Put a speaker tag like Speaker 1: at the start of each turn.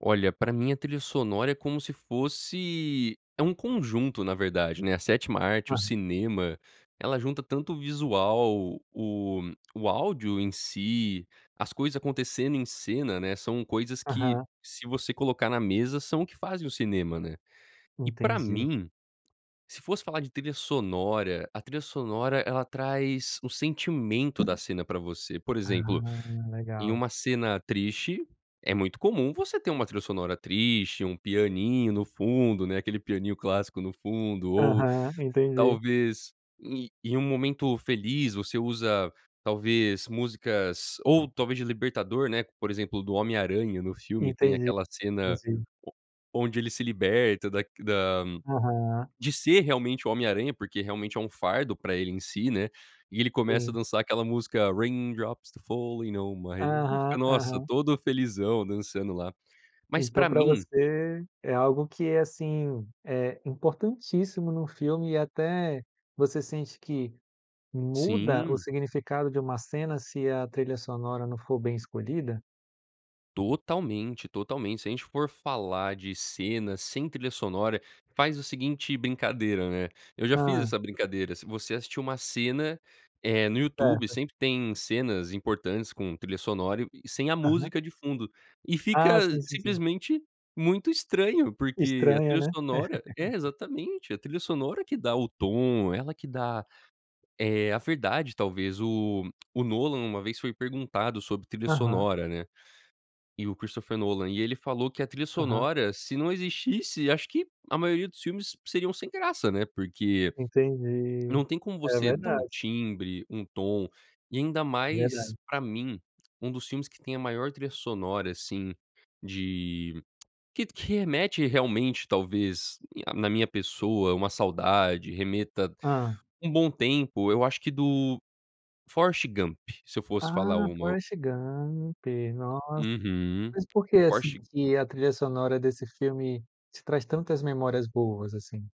Speaker 1: Olha, pra mim a trilha sonora é como se fosse é um conjunto na verdade, né, a sétima arte, o
Speaker 2: Aham.
Speaker 1: cinema ela junta tanto o visual o o áudio em si, as coisas acontecendo em cena né, são coisas que
Speaker 2: Aham.
Speaker 1: se você colocar na mesa são o que fazem o cinema, né. E pra
Speaker 2: Entendi.
Speaker 1: mim, se fosse falar de trilha sonora, a trilha sonora ela traz o sentimento da cena pra você, por
Speaker 2: Ah,
Speaker 1: exemplo, em
Speaker 2: legal.
Speaker 1: uma cena triste é muito comum você ter uma trilha sonora triste, um pianinho no fundo, né, aquele pianinho clássico no fundo ou
Speaker 2: Aham, entendi.
Speaker 1: talvez, e em um momento feliz você usa, talvez, músicas ou talvez de Libertador né por exemplo do O Homem Aranha no filme tem
Speaker 2: Entendi,
Speaker 1: aquela cena
Speaker 2: duas vezes.
Speaker 1: o onde ele se liberta da da
Speaker 2: Aham.
Speaker 1: de ser realmente O Homem Aranha porque realmente é um fardo pra ele em si, né, e ele começa a
Speaker 2: Sim.
Speaker 1: dançar aquela música, Raindrops Keep Falling on my Head,
Speaker 2: Aham,
Speaker 1: nossa
Speaker 2: aham.
Speaker 1: todo felizão dançando lá. Mas
Speaker 2: Então
Speaker 1: pra
Speaker 2: pra
Speaker 1: mim
Speaker 2: você é algo que é, assim, é, importantíssimo num filme e até você sente que muda o
Speaker 1: Sim.
Speaker 2: significado de uma cena se a trilha sonora não for bem escolhida?
Speaker 1: Totalmente, totalmente se a gente for falar de cena sem trilha sonora, faz o seguinte brincadeira, né, eu já fiz
Speaker 2: Hã.
Speaker 1: essa brincadeira se você assistir uma cena, eh, no YouTube
Speaker 2: Certo.
Speaker 1: sempre tem cenas importantes com trilha sonora e e sem a
Speaker 2: Aham.
Speaker 1: música de fundo e fica
Speaker 2: Ah, sim, sim, sim.
Speaker 1: simplesmente muito estranho porque a
Speaker 2: Estranha,
Speaker 1: trilha
Speaker 2: né?.
Speaker 1: sonora é exatamente a trilha sonora que dá o tom, ela que dá, eh, a verdade talvez o o Nolan uma vez foi perguntado sobre trilha
Speaker 2: Aham.
Speaker 1: sonora, né. E o Christopher Nolan, e ele falou que a trilha
Speaker 2: Aham.
Speaker 1: sonora se não existisse acho que a maioria dos filmes seriam sem graça né, porque,
Speaker 2: Entendi,
Speaker 1: não tem como
Speaker 2: é
Speaker 1: você dar um
Speaker 2: verdade.
Speaker 1: timbre, um tom, e ainda
Speaker 2: É
Speaker 1: mais
Speaker 2: verdade.
Speaker 1: pra mim, um dos filmes que tem a maior trilha sonora assim de, que que remete realmente talvez a na minha pessoa uma saudade, remeta
Speaker 2: Hã.
Speaker 1: um bom tempo, eu acho que do Forrest Gump se eu fosse falar
Speaker 2: Ah,
Speaker 1: uma, o
Speaker 2: Forrest Gump, nossa,
Speaker 1: uhum,
Speaker 2: mas por que
Speaker 1: o
Speaker 2: assim
Speaker 1: Forrest Gu
Speaker 2: que a trilha sonora desse filme te traz tantas memórias boas assim?